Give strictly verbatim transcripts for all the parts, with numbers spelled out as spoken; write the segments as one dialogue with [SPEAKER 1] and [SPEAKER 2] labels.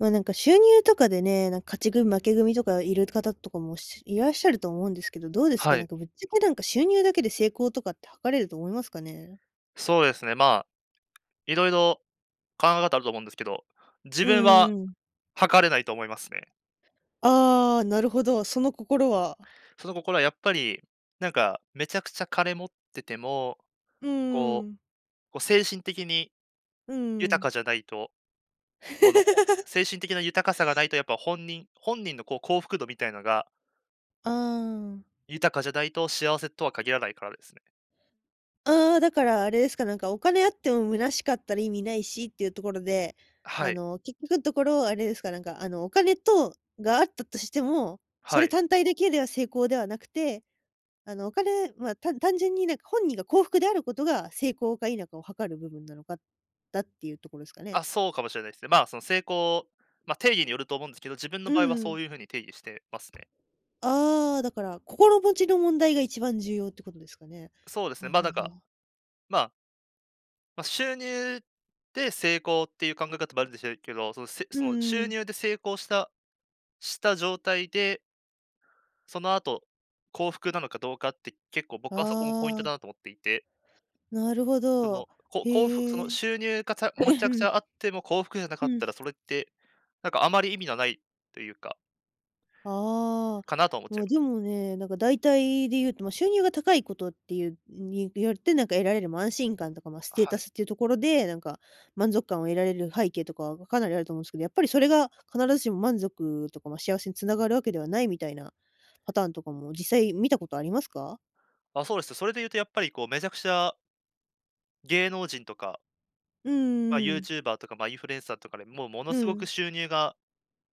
[SPEAKER 1] ま、なんか収入とかでね、なん勝ち組、負け組とかいる方とかも、しいらっしゃると思うんですけど、どうですか？
[SPEAKER 2] は
[SPEAKER 1] なん
[SPEAKER 2] い。
[SPEAKER 1] かぶっちゃけ、なんか、収入だけで成功とかって測れると思いますかね？
[SPEAKER 2] そうですね、まあ、色々考え方あると思うんですけど、自
[SPEAKER 1] うん
[SPEAKER 2] 分は
[SPEAKER 1] うんうん。
[SPEAKER 2] 測れないと思いますね。
[SPEAKER 1] ああ、なるほど、その心は？
[SPEAKER 2] その心はやっぱり、なんかめちゃくちゃ金持ってても、
[SPEAKER 1] うんう
[SPEAKER 2] こ
[SPEAKER 1] んうん。
[SPEAKER 2] う、こ、精神的に
[SPEAKER 1] うんうんう
[SPEAKER 2] 豊
[SPEAKER 1] ん。
[SPEAKER 2] かじゃないと、この、ほ 精神的な豊かさがないと、やっぱ本人本人のこう、幸福度みたいなが
[SPEAKER 1] ああ、うん。
[SPEAKER 2] 豊かじゃないと幸せとは限らないからですね。
[SPEAKER 1] ああ、だからあれですか、なんかお金あっても虚しかったら意味ないしっていうところで、
[SPEAKER 2] は
[SPEAKER 1] あ
[SPEAKER 2] い。
[SPEAKER 1] の、結局んところあれですか、なんか、あの、お金とが、あったとしても、そ
[SPEAKER 2] は
[SPEAKER 1] れ
[SPEAKER 2] い。
[SPEAKER 1] 単体だけでは成功ではなくて、あの、お金はたん単純になんか、本人が幸福であることが成功か否かを測る部分なのか、だっていうとこですかね？
[SPEAKER 2] あ、そうかもしれないす。ね、まあ、その成功、ま、定義によると思うんですけど、自分の
[SPEAKER 1] う
[SPEAKER 2] 場合は
[SPEAKER 1] んう
[SPEAKER 2] そ
[SPEAKER 1] ん。
[SPEAKER 2] ういう風に定義してますね。
[SPEAKER 1] ああ、だから、心持ちの問題が一番重要ってことですかね？
[SPEAKER 2] そうです
[SPEAKER 1] はあ
[SPEAKER 2] ね、ま、なん
[SPEAKER 1] はあ
[SPEAKER 2] か、
[SPEAKER 1] はあ。
[SPEAKER 2] まあま、収入で成功っていう考え方もあるでしょうけど、そのせ
[SPEAKER 1] うん
[SPEAKER 2] その
[SPEAKER 1] うんう
[SPEAKER 2] 収
[SPEAKER 1] ん。
[SPEAKER 2] 入で成功したした状態でその後、幸福なのかどうかって、結構、
[SPEAKER 1] あ
[SPEAKER 2] 僕はそこもポイントだ
[SPEAKER 1] あ。
[SPEAKER 2] なと思っていて。
[SPEAKER 1] なるほ
[SPEAKER 2] そ
[SPEAKER 1] ど、
[SPEAKER 2] の、こ幸福そ
[SPEAKER 1] へ
[SPEAKER 2] の
[SPEAKER 1] え。
[SPEAKER 2] 収入がたむちゃくちゃ あっても幸福じゃな
[SPEAKER 1] う
[SPEAKER 2] かった
[SPEAKER 1] ん。
[SPEAKER 2] ら、それって、なんかあまり意味なないというか。
[SPEAKER 1] ああ。
[SPEAKER 2] かなとは思っちゃ
[SPEAKER 1] ま
[SPEAKER 2] い
[SPEAKER 1] あ、
[SPEAKER 2] ます。
[SPEAKER 1] でもね、なんか大体で言うと、収入が高いことっていうによって、何か得られる、ま、安心感とか、ま、ス
[SPEAKER 2] あ、
[SPEAKER 1] テータ
[SPEAKER 2] はい。
[SPEAKER 1] スっていうところで、なんか満足感を得られる背景とかがかなりあると思うんすけど、やっぱりそれが必ずしも満足とか、ま、幸せに繋がるわけではないみたいなパターンとかも実際見たことありますか？
[SPEAKER 2] あ、そうですと、それでいうとやっぱり、こう、めちゃくちゃ芸能人とか
[SPEAKER 1] うんう
[SPEAKER 2] ま、
[SPEAKER 1] んう
[SPEAKER 2] ユー
[SPEAKER 1] ん。
[SPEAKER 2] チューバーとかま、インフルエンサーとかで、もうもの
[SPEAKER 1] う
[SPEAKER 2] すごく
[SPEAKER 1] ん。
[SPEAKER 2] 収入が、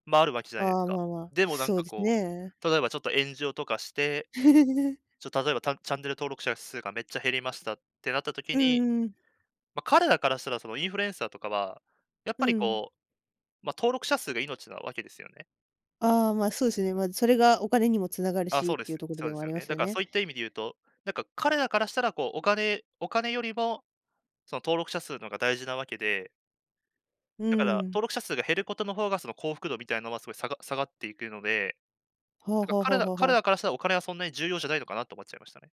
[SPEAKER 2] ま、あるわけじゃないで
[SPEAKER 1] あ
[SPEAKER 2] す
[SPEAKER 1] あ、
[SPEAKER 2] か。
[SPEAKER 1] まあまあ、
[SPEAKER 2] でもなん
[SPEAKER 1] そう
[SPEAKER 2] か
[SPEAKER 1] です
[SPEAKER 2] こ
[SPEAKER 1] ね。
[SPEAKER 2] う、例えばちょっと炎上とかして、ちょ例えば、たチャンネル登録者数がめっちゃ減りましたってなった時
[SPEAKER 1] う
[SPEAKER 2] に、
[SPEAKER 1] んうん。
[SPEAKER 2] ま、彼らからしたら、そのインフルエンサーとかは、やっ
[SPEAKER 1] う
[SPEAKER 2] ぱり
[SPEAKER 1] ん。
[SPEAKER 2] こう、ま、登録者数が命なわけですよね。
[SPEAKER 1] ああ、まあ、そうですね。まあ、それがお金にも繋がる
[SPEAKER 2] あ、
[SPEAKER 1] し
[SPEAKER 2] そ
[SPEAKER 1] っ
[SPEAKER 2] うで
[SPEAKER 1] ていう
[SPEAKER 2] す、
[SPEAKER 1] ところ
[SPEAKER 2] そ
[SPEAKER 1] で
[SPEAKER 2] うで
[SPEAKER 1] はあ
[SPEAKER 2] すよ
[SPEAKER 1] りま
[SPEAKER 2] ね。
[SPEAKER 1] す
[SPEAKER 2] だ
[SPEAKER 1] よ
[SPEAKER 2] から
[SPEAKER 1] ね。
[SPEAKER 2] そういった意味でいうと、なんか彼らからしたらこうお金お金よりも、その登録者数のほうが大事なわけで
[SPEAKER 1] う
[SPEAKER 2] だから、
[SPEAKER 1] ん。
[SPEAKER 2] 登録者数が減ることの方が、その幸福度みたいなのは、すごいさが下がっていくので、
[SPEAKER 1] はあ
[SPEAKER 2] なんか
[SPEAKER 1] はあは
[SPEAKER 2] 彼
[SPEAKER 1] あ
[SPEAKER 2] ら
[SPEAKER 1] はあは
[SPEAKER 2] 彼
[SPEAKER 1] あ。
[SPEAKER 2] らからしたらお金はそんなに重要じゃないのかな、と思っちゃいましたね。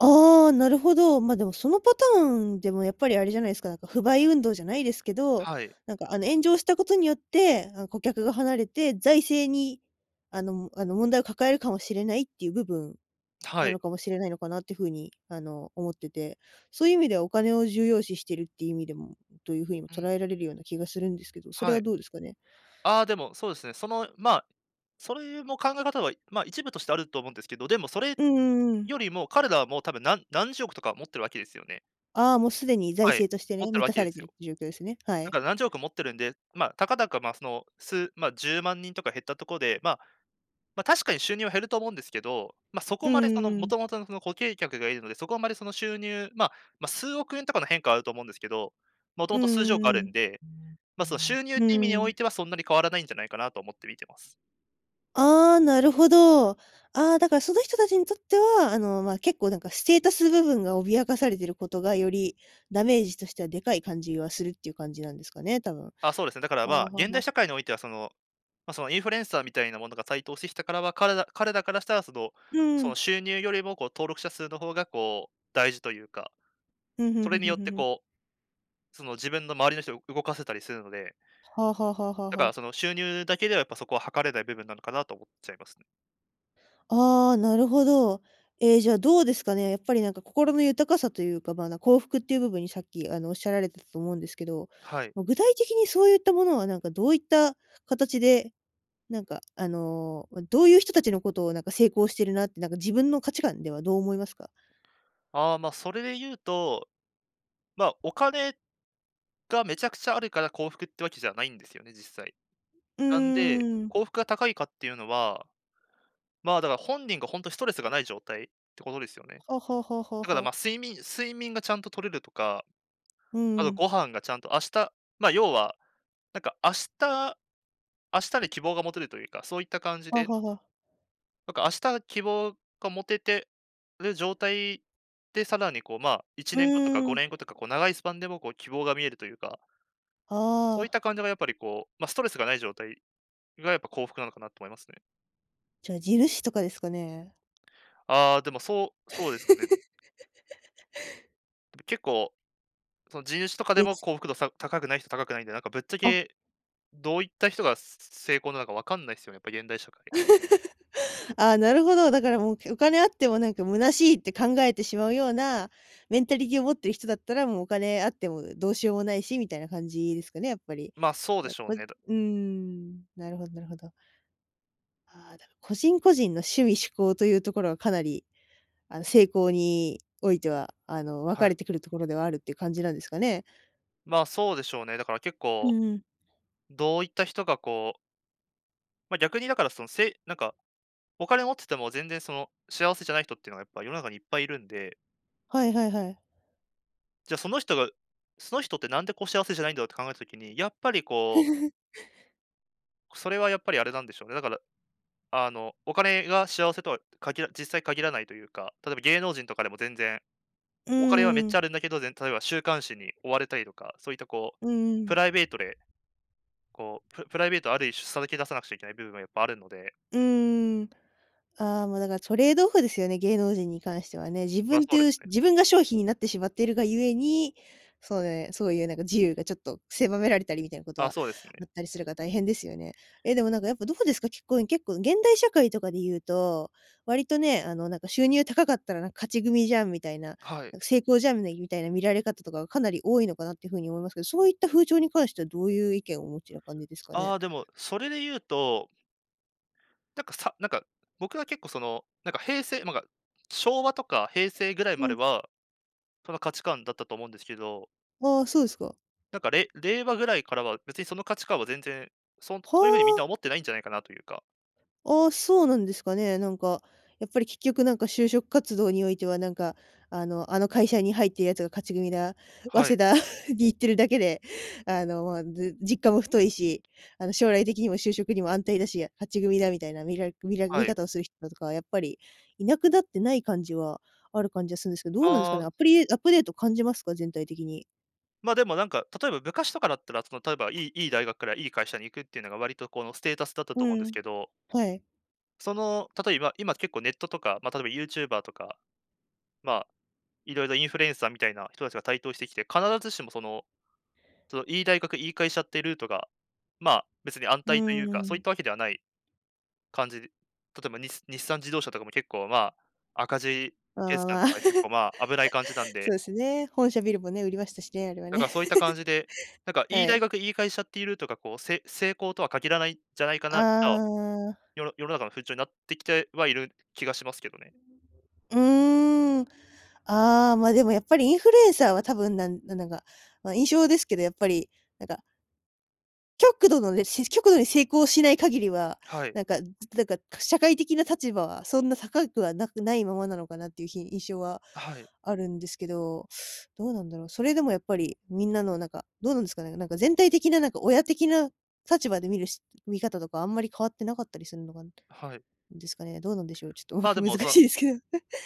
[SPEAKER 1] ああ、なるほど。ま、でもそのパターンでもやっぱりあれじゃないすか、なんか不買運動じゃないですけど、
[SPEAKER 2] はい。
[SPEAKER 1] なんかあの、炎上したことによって、なん顧客が離れて、財政に、あのあの、問題を抱えるかもしれないっていう部分
[SPEAKER 2] は
[SPEAKER 1] な
[SPEAKER 2] い。
[SPEAKER 1] のかもしれないのかなっていう風に、あの、思ってて、そういう意味ではお金を重要視してるっていう意味でもという風に
[SPEAKER 2] う
[SPEAKER 1] 捉
[SPEAKER 2] ん。
[SPEAKER 1] えられるような気がするんですけど、それ
[SPEAKER 2] は
[SPEAKER 1] は
[SPEAKER 2] い。
[SPEAKER 1] どうですかね？
[SPEAKER 2] ああ、でも、そうですね、その、ま、それも考え方は、ま、一部としてあると思うんですけど、でもそれ
[SPEAKER 1] うんうんうん。
[SPEAKER 2] よりも、彼らはもう、多分なん何十億とか持ってるわけですよね。
[SPEAKER 1] ああ、もうすでに財
[SPEAKER 2] はい。
[SPEAKER 1] 政として
[SPEAKER 2] 持っ
[SPEAKER 1] ね、
[SPEAKER 2] てる
[SPEAKER 1] 満
[SPEAKER 2] わ
[SPEAKER 1] た
[SPEAKER 2] け
[SPEAKER 1] さ
[SPEAKER 2] で
[SPEAKER 1] れ
[SPEAKER 2] す
[SPEAKER 1] てるっ
[SPEAKER 2] よ。
[SPEAKER 1] ていう状況ですね。は
[SPEAKER 2] だ
[SPEAKER 1] い。
[SPEAKER 2] から何十億持ってるんで、まあ、たかだか、ま、その数、ま、じゅうまんにんとか減ったとこで、ま、ま、確かに収入は減ると思うんですけど、ま、そこ
[SPEAKER 1] うん
[SPEAKER 2] までそ
[SPEAKER 1] う
[SPEAKER 2] の、
[SPEAKER 1] んう
[SPEAKER 2] も
[SPEAKER 1] ん。
[SPEAKER 2] ともとのその固形客が居るので、そこはあんまりその収入まあ、ま、数億円とかの変化はあると思うんですけど、もと
[SPEAKER 1] う
[SPEAKER 2] もと数十億あ
[SPEAKER 1] んう
[SPEAKER 2] るん
[SPEAKER 1] ん
[SPEAKER 2] で、まあ、その収入っ
[SPEAKER 1] う
[SPEAKER 2] ていう意味
[SPEAKER 1] ん。
[SPEAKER 2] に
[SPEAKER 1] う
[SPEAKER 2] おい
[SPEAKER 1] ん。
[SPEAKER 2] てはそんなに変わらないんじゃないかな、と思って見てます。
[SPEAKER 1] ああ、なるほど。ああ、だからその人達にとっては、あの、ま、結構なんかステータス部分が脅かされていることがより、ダメージとしてはでかい感じがするっていう感じなんですかね、多分。は
[SPEAKER 2] あそうですね、だから
[SPEAKER 1] あ、
[SPEAKER 2] ま、
[SPEAKER 1] は
[SPEAKER 2] 現代
[SPEAKER 1] は。
[SPEAKER 2] 社会においてはその、ま、その、インフルエンサーみたいなものが台頭してきたからは、彼ら彼らからしたらその、
[SPEAKER 1] う
[SPEAKER 2] その
[SPEAKER 1] ん。
[SPEAKER 2] 収入よりもこう登録者数の方がこう、大事というか、
[SPEAKER 1] ふんふん
[SPEAKER 2] そ
[SPEAKER 1] ふ
[SPEAKER 2] れ
[SPEAKER 1] ん
[SPEAKER 2] に
[SPEAKER 1] ふん
[SPEAKER 2] よっ
[SPEAKER 1] ふん
[SPEAKER 2] て
[SPEAKER 1] ふん。
[SPEAKER 2] こう、その、自分の周りの人を動かせたりするので。
[SPEAKER 1] はあはあはあはあ
[SPEAKER 2] だ
[SPEAKER 1] は
[SPEAKER 2] から
[SPEAKER 1] あ。
[SPEAKER 2] その収入だけでは、やっぱそこは測れない部分なのかなと思っちゃいますね。
[SPEAKER 1] ああ、なるほど。ええ、じゃあどうですかね。やっぱりなんか心の豊かさというか、ま、幸福っていう部分にさっき、あの、おっしゃられてたと思うんですけど、
[SPEAKER 2] はい。
[SPEAKER 1] ま、具体的にそういったものは何かどういった形で、なんかあの、どういう人たちのことをなんか成功しているなってなんか自分の価値観ではどう思いますか？
[SPEAKER 2] ああ、まあ、それでいうとま、お金がめちゃくちゃあるから幸福ってわけじゃないんですよね、実際。
[SPEAKER 1] う
[SPEAKER 2] なんで、
[SPEAKER 1] ーん。
[SPEAKER 2] 幸福が高いかっていうのは、ま、だから本人が本当ストレスがない状態ってことですよね。
[SPEAKER 1] ほほほほ
[SPEAKER 2] だから
[SPEAKER 1] ほ。
[SPEAKER 2] ま、睡眠睡眠がちゃんと取れるとか。
[SPEAKER 1] う
[SPEAKER 2] あと
[SPEAKER 1] ん。
[SPEAKER 2] ご飯がちゃんと、明日、ま、要は、なんか明日明日に希望が持てるというか、そういった感じ
[SPEAKER 1] は
[SPEAKER 2] で
[SPEAKER 1] はは。
[SPEAKER 2] なんか、明日希望が持ててる状態、で、さらにこう、まあ、いち
[SPEAKER 1] う
[SPEAKER 2] ねんごとか
[SPEAKER 1] ー
[SPEAKER 2] ごねんご
[SPEAKER 1] ん。
[SPEAKER 2] とか、こう長いスパンでもこう希望が見えるとゆうか
[SPEAKER 1] あ
[SPEAKER 2] そういっ
[SPEAKER 1] あ。
[SPEAKER 2] た感じがやっぱりこうま、ストレスがない状態がやっぱ幸福なのかなと思いますね。
[SPEAKER 1] じゃあ、地主とかですかね。
[SPEAKER 2] ああ、でも、そうそうですかね。結構、その、地主とかで
[SPEAKER 1] れ
[SPEAKER 2] も
[SPEAKER 1] つ。
[SPEAKER 2] 幸福度、さ、高くない人、高くないんで、なんかぶっちゃ
[SPEAKER 1] あ。
[SPEAKER 2] け、どういった人が、すすすす、成功なのか分かんないすよね、やっぱ現代社会。
[SPEAKER 1] ああ、なるほど、だからもう、けお金あってもなんか虚しいって考えてしまうような、メンタリティを持っている人だったら、もう、お金あっても、う、どうしようもないしみたいな感じですかね、やっぱり。
[SPEAKER 2] ま、そうで
[SPEAKER 1] まあ、
[SPEAKER 2] しょう
[SPEAKER 1] こい
[SPEAKER 2] ね。だ
[SPEAKER 1] うーん。なるほどなるほど。ああ、だ、個人、個人の趣味嗜好とゆうところはかなり、あの、成功においては、あの、分か
[SPEAKER 2] は
[SPEAKER 1] れ
[SPEAKER 2] い。
[SPEAKER 1] てくるところではあるって感じなんですかね？
[SPEAKER 2] まあ、そうでしょうね、だから結
[SPEAKER 1] う
[SPEAKER 2] 構、
[SPEAKER 1] んうん。
[SPEAKER 2] どういった人がこうま、逆にだから、その、せいなんか、お金持ってても全然、その、幸せじゃない人ってのがやっぱ、世の中にいっぱいいるんで
[SPEAKER 1] はいはいはい。
[SPEAKER 2] じゃ、その人が、その人ってなんでこう幸せじゃないんだろうって考えた時に、やっぱりこう それはやっぱりあれなんでしょうね。だから、あの、お金が幸せとは限ら実際限らないというか、例えば芸能人とかでも全然、
[SPEAKER 1] う
[SPEAKER 2] お金はめっ
[SPEAKER 1] ー
[SPEAKER 2] ちゃあ
[SPEAKER 1] ん。
[SPEAKER 2] るんだけど、ぜん例えば週刊誌に追われたりとか、そういったこう、
[SPEAKER 1] うんう
[SPEAKER 2] プ
[SPEAKER 1] ん。
[SPEAKER 2] ライベートで、こう、ププライベート、ある一種さらけ出さなくちゃいけない部分がやっぱあるので。
[SPEAKER 1] うーん。ああ、もうだからトレードオフですよね、芸能人に関してはね。自
[SPEAKER 2] まあ、
[SPEAKER 1] 分っ
[SPEAKER 2] そ
[SPEAKER 1] て
[SPEAKER 2] うで
[SPEAKER 1] い
[SPEAKER 2] す
[SPEAKER 1] う、し
[SPEAKER 2] ね。
[SPEAKER 1] 自分が商品になってしまっているが故に、そうね、そういうなんか自由がちょっと狭められたりみたいなこと
[SPEAKER 2] ああ、
[SPEAKER 1] は
[SPEAKER 2] そうです
[SPEAKER 1] あっ
[SPEAKER 2] ね。
[SPEAKER 1] たりするから大変ですよね。ええ、でもなんかやっぱどうですか？結構結構、現代社会とかでいうと、割とね、あの、なんか収入高かったら、なんか勝ち組じゃんみたいな、
[SPEAKER 2] はい。
[SPEAKER 1] なんか成功じゃんね、みたいな見られ方とかがかなり多いのかなって風に思いますけど、そういった風潮に関してはどういう意見をお持ちな感じですかね？
[SPEAKER 2] ああ、でも、それで言うとなんか、さなんか、僕は結構その、なんか平成、ま、か昭和とか平成ぐらい
[SPEAKER 1] う
[SPEAKER 2] まで
[SPEAKER 1] ん。
[SPEAKER 2] は、その価値観だったと思うんでしゅけど
[SPEAKER 1] ああ、そうですか。
[SPEAKER 2] なんか、れ、令和ぐらいからは、別にその価値観は全然、そんそう
[SPEAKER 1] ほ
[SPEAKER 2] ゆう風にみんな
[SPEAKER 1] お！
[SPEAKER 2] 思ってないんじゃないかなとゆうか
[SPEAKER 1] ああ、そうなんですかね、なんか、やっぱり結局、なんか就職活動においては、なんか、あの、あの会社に入ってるやつが勝ち組だ、
[SPEAKER 2] は
[SPEAKER 1] 早稲
[SPEAKER 2] い。
[SPEAKER 1] 田に行ってるだけで、あの、まあ、じ実感も太いし、あの、将来的にも就職にも安泰だし、勝ち組だみたいな、見ら見ら
[SPEAKER 2] は
[SPEAKER 1] 見
[SPEAKER 2] い。
[SPEAKER 1] 方をする人とかは、やっぱり、いなくなってない感じは、ある感じはするんすけど、どうなんすか
[SPEAKER 2] あ
[SPEAKER 1] ね？ア
[SPEAKER 2] あ。
[SPEAKER 1] プリアップデート感じますか？全体的に。
[SPEAKER 2] ま、でもなんか、例えば、昔とかだったら、その例えば、良い良い大学から、良い会社に行くってゆうのが、割とこのステータスだったと
[SPEAKER 1] う
[SPEAKER 2] 思うんです
[SPEAKER 1] ん、
[SPEAKER 2] けど
[SPEAKER 1] はい。
[SPEAKER 2] その、例えば、今結構ネットとか、ま、例えばユーチューバーとか、まあ、色々インフルエンサーみたいな人達が台頭してきて、必ずしも、そのその良い大学、良い会社ってルートが、まあ、別に安
[SPEAKER 1] う
[SPEAKER 2] 泰とゆうか、
[SPEAKER 1] ー
[SPEAKER 2] そういっ
[SPEAKER 1] ん。
[SPEAKER 2] たわけではない感じ例えば、に日産自動車とかも、結構、まあ、赤字
[SPEAKER 1] まあま
[SPEAKER 2] 決
[SPEAKER 1] あ
[SPEAKER 2] 算
[SPEAKER 1] まあ。
[SPEAKER 2] とか、結構、まあ、危ない感じなん
[SPEAKER 1] そ
[SPEAKER 2] で
[SPEAKER 1] うですね、本社ビルもね、売りましたしね、あれは
[SPEAKER 2] だか
[SPEAKER 1] ね。
[SPEAKER 2] ら、そういった感じで、なんか良い
[SPEAKER 1] は
[SPEAKER 2] 大
[SPEAKER 1] い。
[SPEAKER 2] 学、良い会社っていうルートが、こう、せ成功とは限らないんじゃないか
[SPEAKER 1] ああ
[SPEAKER 2] な
[SPEAKER 1] あ
[SPEAKER 2] と、
[SPEAKER 1] あああああ。
[SPEAKER 2] よ世の中の風潮になってきてはいる気がしますけどね。
[SPEAKER 1] うーん。ああ、ま、でもやっぱり、インフルエンサーは多分、なんなんなんか、ま、印象ですけど、やっぱり、なんか極度のね、し極度に成功しない限りは、
[SPEAKER 2] はい。
[SPEAKER 1] なんか、ずなんか、か社会的な立場はそんな高くはなくないままなのかなっていうひ印象は
[SPEAKER 2] あ、はい。
[SPEAKER 1] あるんですけど、どうなんだろう、それでもやっぱりみんなのなんか、どうなんすかね、なんか全体的ななんか親的な立場で見る、し見方とかあんまり変わって無かったりすんのかん
[SPEAKER 2] はい。
[SPEAKER 1] ですかね？どうなんでしょう。ちょっとわ
[SPEAKER 2] まあ、
[SPEAKER 1] か
[SPEAKER 2] で
[SPEAKER 1] 難
[SPEAKER 2] も、その
[SPEAKER 1] しいですけど。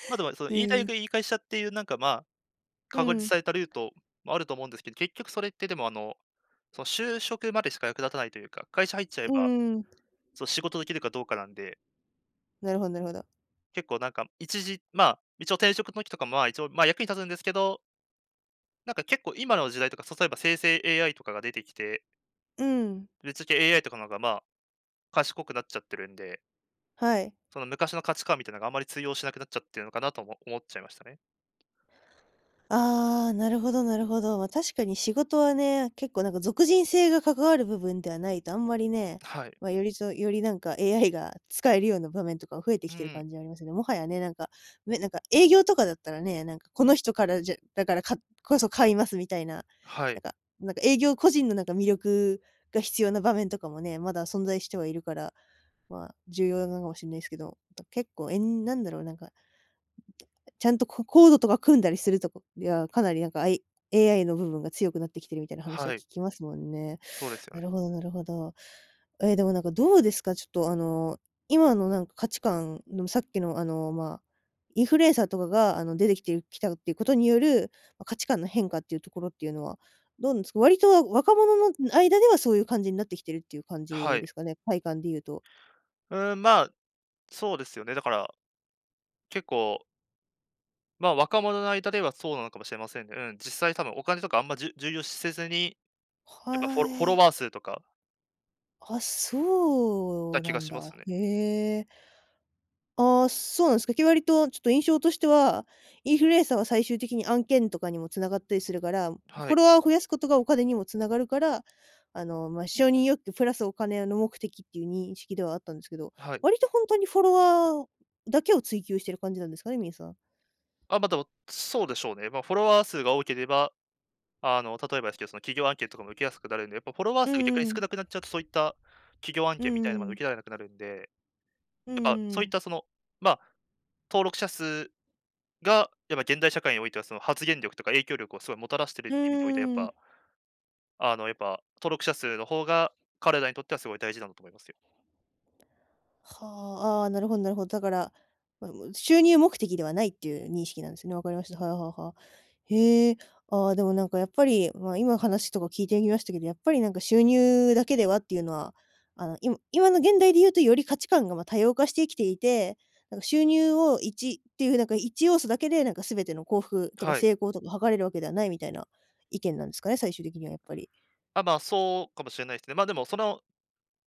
[SPEAKER 2] ま、でも、その、いい待
[SPEAKER 1] うん。
[SPEAKER 2] 遇いい会社っていうなんか、まあ、
[SPEAKER 1] う
[SPEAKER 2] 確立
[SPEAKER 1] ん。
[SPEAKER 2] されたルートもあると思うんですけど、結局それってでもあの、その就職までしか役立たないというか、会社入っちゃえ
[SPEAKER 1] う
[SPEAKER 2] ば
[SPEAKER 1] んうん。
[SPEAKER 2] そう、仕事出来るかどうかなんで。
[SPEAKER 1] なるほどなるほど。
[SPEAKER 2] 結構なんか一時まあ、一応転職のきとかも、まあ、一応、ま、役に立つんですけどなんか結構今の時代とか、さそえば生成 AI とかが出てきて
[SPEAKER 1] うん。
[SPEAKER 2] ぶっちゃけ AI とかのが、まあ、賢くなっちゃってるんで
[SPEAKER 1] はい。
[SPEAKER 2] その昔の価値観みたいなのが、あまり通用しなくなっちゃってるのかなと、おも思っちゃいましたね。
[SPEAKER 1] ああ、なるほどなるほど。まあ、確かに仕事はね、結構なんか属人性が関わる部分ではないと、あんまりね、
[SPEAKER 2] はい。
[SPEAKER 1] まあ、よりそうよりなんか、AI が使えるような場面とか増えて
[SPEAKER 2] う
[SPEAKER 1] きてる
[SPEAKER 2] ん。
[SPEAKER 1] 感じありますよね。もはやね、なんか、ね、なんか営業とかだったらね、なんかこの人からじゃだからかこそ買いますみたいな。
[SPEAKER 2] は
[SPEAKER 1] な
[SPEAKER 2] い。
[SPEAKER 1] んかなんか営業個人のなんか魅力が必要な場面とかもね、まだ存在してはいるから、まあ、重要なのかもしんないすけど。だ、結構えん何だろう、なんかちゃんとこコードとか組んだりするとこ、いや、かなりなんかあい AI の部分が強くなってきてるみたいな話は
[SPEAKER 2] はい。
[SPEAKER 1] 聞きますもんね。
[SPEAKER 2] ほうですよ
[SPEAKER 1] な
[SPEAKER 2] ね。
[SPEAKER 1] るほどなるほど。ええ、でもなんかどうですか、ちょっとあの、今のなんか価値観でもさっきのあの、まあ、インフルエンサーとかがあの、出てきてるきたっていうことによる、ま、価値観の変化っていうところっていうのは、どんつ、割と若者の、うん、間ではそういう感じんなってきてるっていう感
[SPEAKER 2] は
[SPEAKER 1] じで
[SPEAKER 2] い。
[SPEAKER 1] すかね？体感で言うと。
[SPEAKER 2] うん、まあ、そうですよね、だから結構ま、若者の間ではそうなのかもしれませんね、うん、実際多分お金とかあんまじゅ重要視せずに、やっぱ
[SPEAKER 1] は
[SPEAKER 2] フォ
[SPEAKER 1] あ、
[SPEAKER 2] ロフォ
[SPEAKER 1] え
[SPEAKER 2] ロワ
[SPEAKER 1] え。
[SPEAKER 2] ー数とか
[SPEAKER 1] あ、そ
[SPEAKER 2] だ、
[SPEAKER 1] う
[SPEAKER 2] け
[SPEAKER 1] な
[SPEAKER 2] が
[SPEAKER 1] ん
[SPEAKER 2] します
[SPEAKER 1] だ、
[SPEAKER 2] ね。
[SPEAKER 1] へえ。あ、そうなんすか。け割とちょっと印象としては、インフルエンサーは最終的に案件とかにも繋がったりするから、フ
[SPEAKER 2] は
[SPEAKER 1] ォ
[SPEAKER 2] い。
[SPEAKER 1] ロワーを増やすことがお金にも繋がるから、あの、ま、承認欲求プラスお金の目的っていう認識ではあったんすけど、
[SPEAKER 2] はい。
[SPEAKER 1] 割とほんとにフォロワーだけを追求してる感じなんですかね？みんすわ。
[SPEAKER 2] あ、ま、でも、そうでしょうね。ま、フォロワー数が多ければ、あの、例えばすけど、その、企業案件とかも受けやすくなるんで、やっぱフォロワー
[SPEAKER 1] う
[SPEAKER 2] 数、逆に
[SPEAKER 1] んう
[SPEAKER 2] 少
[SPEAKER 1] ん。
[SPEAKER 2] なくなっちゃうとそういった、企業案
[SPEAKER 1] う
[SPEAKER 2] 件みた
[SPEAKER 1] ん
[SPEAKER 2] いの、ま、
[SPEAKER 1] う
[SPEAKER 2] 受け
[SPEAKER 1] ん。
[SPEAKER 2] られなくなるんで。
[SPEAKER 1] うんう
[SPEAKER 2] やっぱ、
[SPEAKER 1] んう
[SPEAKER 2] そういっ
[SPEAKER 1] ん。
[SPEAKER 2] たその、ま、登録者数が、やっぱ現代社会においては、その、発言力とか影響力をすごいもたらしてるっ
[SPEAKER 1] う
[SPEAKER 2] て意味でおいて、やっ
[SPEAKER 1] ー
[SPEAKER 2] ぱ
[SPEAKER 1] ん。
[SPEAKER 2] あ、あの、やっぱ、登録者数の方が、彼らにとってはすごい大事なんだと思いますよ。
[SPEAKER 1] はあ、ああ、なるほどなるほど。だから、ま、むん収入目的ではないっていう認識なんすね、わかりました、はあはあはあ。へえ。ああ、でもなんかやっぱり、まあ、今話とか聞いてみましたけど、やっぱりなんか収入だけではっていうのは、あの、いむ今の現代で言うと、より価値観が、ま、多様化してきていて、なんか収入をいちっていう風なんかいちようそだけで、なんか全ての幸福とか
[SPEAKER 2] はい。
[SPEAKER 1] 成功とか測れるわけではないみたいな意見なんすかね、最終的にはやっぱり。
[SPEAKER 2] あ、まあ、そうかもしれないすね。ま、でも、その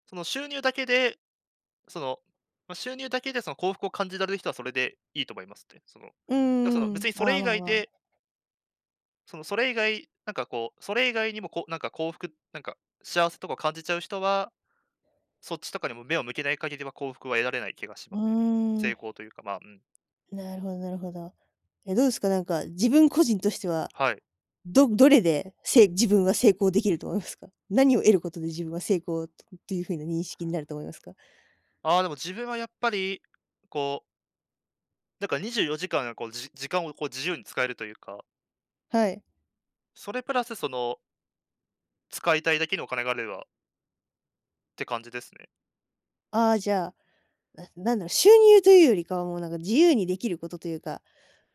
[SPEAKER 2] その、収入だけで、その、ま、収入だけでその幸福を感じられる人はそれでいいと思いますね。その、
[SPEAKER 1] うん
[SPEAKER 2] だ、その、
[SPEAKER 1] うんう
[SPEAKER 2] 別
[SPEAKER 1] ん、
[SPEAKER 2] にそ
[SPEAKER 1] あ
[SPEAKER 2] れ
[SPEAKER 1] あ、
[SPEAKER 2] 以
[SPEAKER 1] まあ
[SPEAKER 2] 外
[SPEAKER 1] まあ。
[SPEAKER 2] でその、それ以外なんかこう、それ以外にもこう、なんか幸福なんか、幸せとか感じちゃう人は、そっちとかにも目を向けない限りは、幸福は得られない気がし
[SPEAKER 1] う
[SPEAKER 2] ますね。
[SPEAKER 1] ー
[SPEAKER 2] 成
[SPEAKER 1] ん。
[SPEAKER 2] 功というか、ま、うん。
[SPEAKER 1] なるほどなるほど。ええ、どうですか、なんか自分個人としては、
[SPEAKER 2] はい。
[SPEAKER 1] どどれで成自分は成功できると思いますか？何を得ることで自分は成功、うっていう風な認識になると思いますか？
[SPEAKER 2] ああ、でも自分はやっぱり、こうなんか、にじゅうよじかん、なこう、じ時間をこう自由に使えるというか
[SPEAKER 1] はい。
[SPEAKER 2] それプラスその使いたいだけのお金があれはって感じですね。
[SPEAKER 1] ああ、じゃあ、ななんだろう、収入というよりかは、もうなんか自由にできることというか、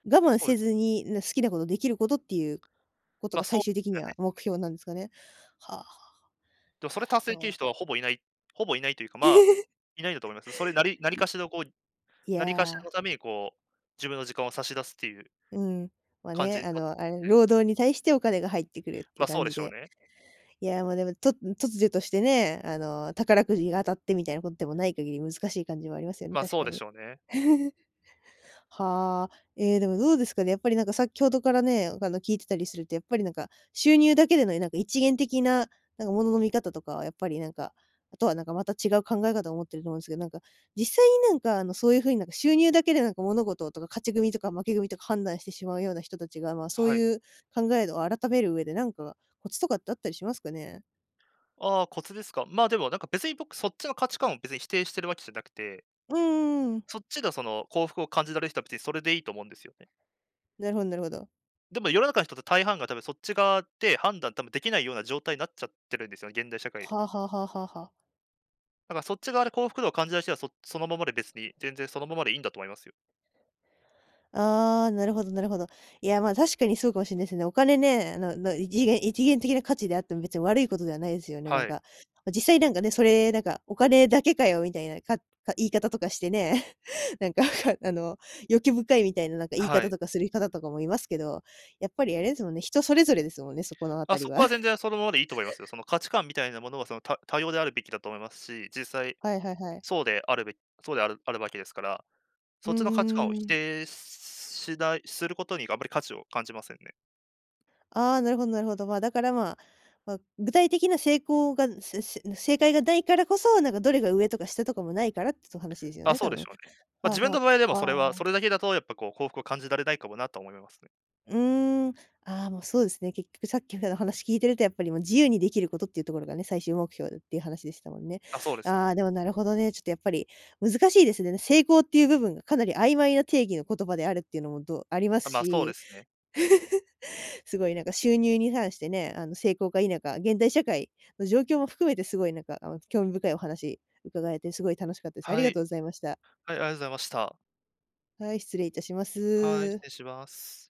[SPEAKER 1] 我慢
[SPEAKER 2] そうで
[SPEAKER 1] せ
[SPEAKER 2] す。
[SPEAKER 1] ずにんな好きなことできることっていうこと
[SPEAKER 2] ま、
[SPEAKER 1] が
[SPEAKER 2] そ
[SPEAKER 1] 最
[SPEAKER 2] う
[SPEAKER 1] 終的
[SPEAKER 2] じゃ
[SPEAKER 1] に
[SPEAKER 2] ない
[SPEAKER 1] は
[SPEAKER 2] す
[SPEAKER 1] 目
[SPEAKER 2] ね。
[SPEAKER 1] 標なんすかね？はあ、
[SPEAKER 2] でもそ
[SPEAKER 1] な
[SPEAKER 2] れ
[SPEAKER 1] るほ
[SPEAKER 2] 達成きる
[SPEAKER 1] ど。
[SPEAKER 2] 人はほぼいない、ほぼいないというか、ま、いないんだと思います。それなり、何
[SPEAKER 1] い
[SPEAKER 2] かしらこう何かしらの
[SPEAKER 1] や。
[SPEAKER 2] ためにこう、自分の時間を差し出すっていう
[SPEAKER 1] うん。まあ
[SPEAKER 2] 感じ
[SPEAKER 1] ね、
[SPEAKER 2] に
[SPEAKER 1] あ
[SPEAKER 2] なっ
[SPEAKER 1] の、あれ
[SPEAKER 2] て
[SPEAKER 1] 労
[SPEAKER 2] はい。
[SPEAKER 1] 働に対してお金が入ってくるってい
[SPEAKER 2] ま、
[SPEAKER 1] う
[SPEAKER 2] そ
[SPEAKER 1] 感
[SPEAKER 2] うで
[SPEAKER 1] じ
[SPEAKER 2] しょう
[SPEAKER 1] で。
[SPEAKER 2] ね。
[SPEAKER 1] いや、ま、でも、と突如としてね、あの、宝くじが当たってみたいなことでもない限り、難しい感じもありますよね、
[SPEAKER 2] ま、
[SPEAKER 1] 確
[SPEAKER 2] そう
[SPEAKER 1] か
[SPEAKER 2] でし
[SPEAKER 1] に。
[SPEAKER 2] ょうね。
[SPEAKER 1] はあ。え、でもどうですかね、やっぱりなんか先ほどからね、あの、聞いてたりすると、やっぱりなんか、収入だけでの何か一元的な、なんか物の見方とかはやっぱりなんか、後はなんかまた違う考え方を持ってると思うんすけど、なんか、実際に何かあの、そういう風になんか収入だけで何か物事とか、勝ち組とか負け組とか判断してしまうような人達が、ま、そう
[SPEAKER 2] はい。
[SPEAKER 1] いう考えを改める上で何かコツとかってあったりしますかね？
[SPEAKER 2] ああ、コツですか。まあ、でもなんか別に僕そっちの価値観を別に否定してるわけじゃなくて。
[SPEAKER 1] うんうんうん。
[SPEAKER 2] そっちがその、幸福を感じられる人は別にそれでいいと思うんですよね。
[SPEAKER 1] なるほどなるほど。
[SPEAKER 2] でも世の中の人って大半が多分そっち側で、判断多分出来ないような状態になっちゃってるんですよね、現代社会。
[SPEAKER 1] はあはあはあはあはあ。
[SPEAKER 2] だからそっち側で幸福度を感じらる人は、そそのままで別に、全然そのままでいいんだと思いますよ。
[SPEAKER 1] ああ、なるほどなるほど。いや、まあ、確かにそうかもしんないすね。お金ね、あのの、一元一元的な価値であっても、別に悪いことではないですよね、な
[SPEAKER 2] は
[SPEAKER 1] んか。
[SPEAKER 2] い。
[SPEAKER 1] まあ、実際なんかね、それなんか、お金だけかよ、みたいな、か言い方とかしてね。なんか、あの、欲深いみたいな何か言い
[SPEAKER 2] は
[SPEAKER 1] 方
[SPEAKER 2] い。
[SPEAKER 1] とかする方とかもいますけど、やっぱりあれですもんね、人それぞれですもんね、そこの
[SPEAKER 2] あ、
[SPEAKER 1] 辺
[SPEAKER 2] そ
[SPEAKER 1] りは。
[SPEAKER 2] こは全然そのままでいいと思いますよ、その価値観みたいなものは、その、た多様であるべきだと思いますし、実際
[SPEAKER 1] はいはいはい。
[SPEAKER 2] そうであるべそうであるあるわけですから。
[SPEAKER 1] う
[SPEAKER 2] そ
[SPEAKER 1] ー
[SPEAKER 2] っちの価値観を否
[SPEAKER 1] ん。
[SPEAKER 2] 定しないすることにあんまり価値を感じませんね。
[SPEAKER 1] ああ、なるほどなるほど。まあ、だから、まあ、ま、具体的な成功が、せせ正解が無いからこそ、なんかどれが上とか下とかも無いからってと話ですよ
[SPEAKER 2] あ、
[SPEAKER 1] ね、
[SPEAKER 2] そ
[SPEAKER 1] 多
[SPEAKER 2] うでし
[SPEAKER 1] 分。
[SPEAKER 2] ょうね。まあ、
[SPEAKER 1] はあ
[SPEAKER 2] 自分
[SPEAKER 1] は
[SPEAKER 2] の場合は、でも
[SPEAKER 1] あ。
[SPEAKER 2] それは
[SPEAKER 1] あ
[SPEAKER 2] それ
[SPEAKER 1] あ。
[SPEAKER 2] だけだとやっぱこう、幸福を感じられないかもなと思いますね。
[SPEAKER 1] うーん。ああ、もうそうですね、結局さっきみたいな話聞いていると、やっぱりもう、自由に出来ることっていうところがね、最終目標っていう話でしたもんね。
[SPEAKER 2] あ、そうです
[SPEAKER 1] あ
[SPEAKER 2] ね。
[SPEAKER 1] あ、でもなるほどね、ちょっとやっぱり、難しいですねね。成功っていう部分がかなり曖昧な定義の言葉であるっていうのも、どありま
[SPEAKER 2] あ、
[SPEAKER 1] す
[SPEAKER 2] まあ、そうで
[SPEAKER 1] し、
[SPEAKER 2] すね。
[SPEAKER 1] すごい、なんか収入に関してね、あの、成功か否か、現代社会の状況も含めてすごいなんか興味深いお話伺えてすごい楽しかったです。あ
[SPEAKER 2] は
[SPEAKER 1] りがとう
[SPEAKER 2] い、
[SPEAKER 1] ございました。
[SPEAKER 2] あいあいざいました。
[SPEAKER 1] はい、失礼致しま
[SPEAKER 2] はい、失
[SPEAKER 1] す。
[SPEAKER 2] 礼します。